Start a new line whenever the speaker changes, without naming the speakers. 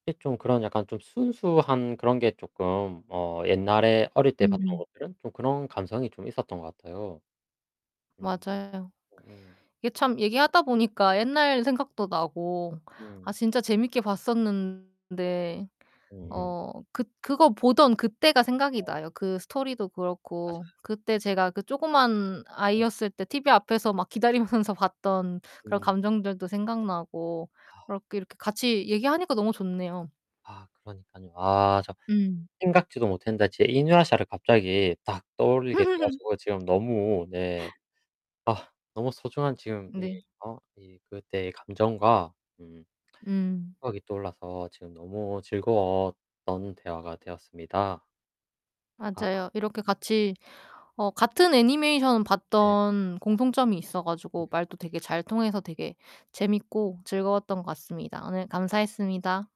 예 좀 그런 약간 좀 순수한 그런 게 쪼끔 어 옛날에 어릴 때 봤던
음음.
것들은 좀 그런 감성이 좀 있었던 것 같아요. 음
맞아요.
으음.
이게 참 얘기하다 보니까 옛날 생각도 나고 아
음.
진짜 재밌게 봤었는데
으음.
어 그 그거 보던 그때가 생각이
아.
나요 그 스토리도 그렇고.
맞아요.
그때 제가 그 조그만
응.
아이였을 때 티비 앞에서 막 기다리면서 봤던 그런
응.
감정들도 생각나고 그러
아.
이렇게 같이 얘기하니까 너무 좋네요.
아, 그러니까요. 아 참
음.
생각지도 못했는데 제 이누야샤 를 갑자기 딱 떠올리게 돼 가지고 지금 너무 네 아 너무 소중한 지금 이
네.
어 이 그때의 감정과 음
음.
생각이 떠올라서 지금 너무 즐거웠던 대화가 되었습니다. 아.
맞아요. 이렇게 같이 어 같은 애니메이션을
네.
봤던 공통점이 있어 가지고
음.
말도 되게 잘 통해서 되게 재밌고 즐거웠던 것 같습니다. 오늘 감사했습니다.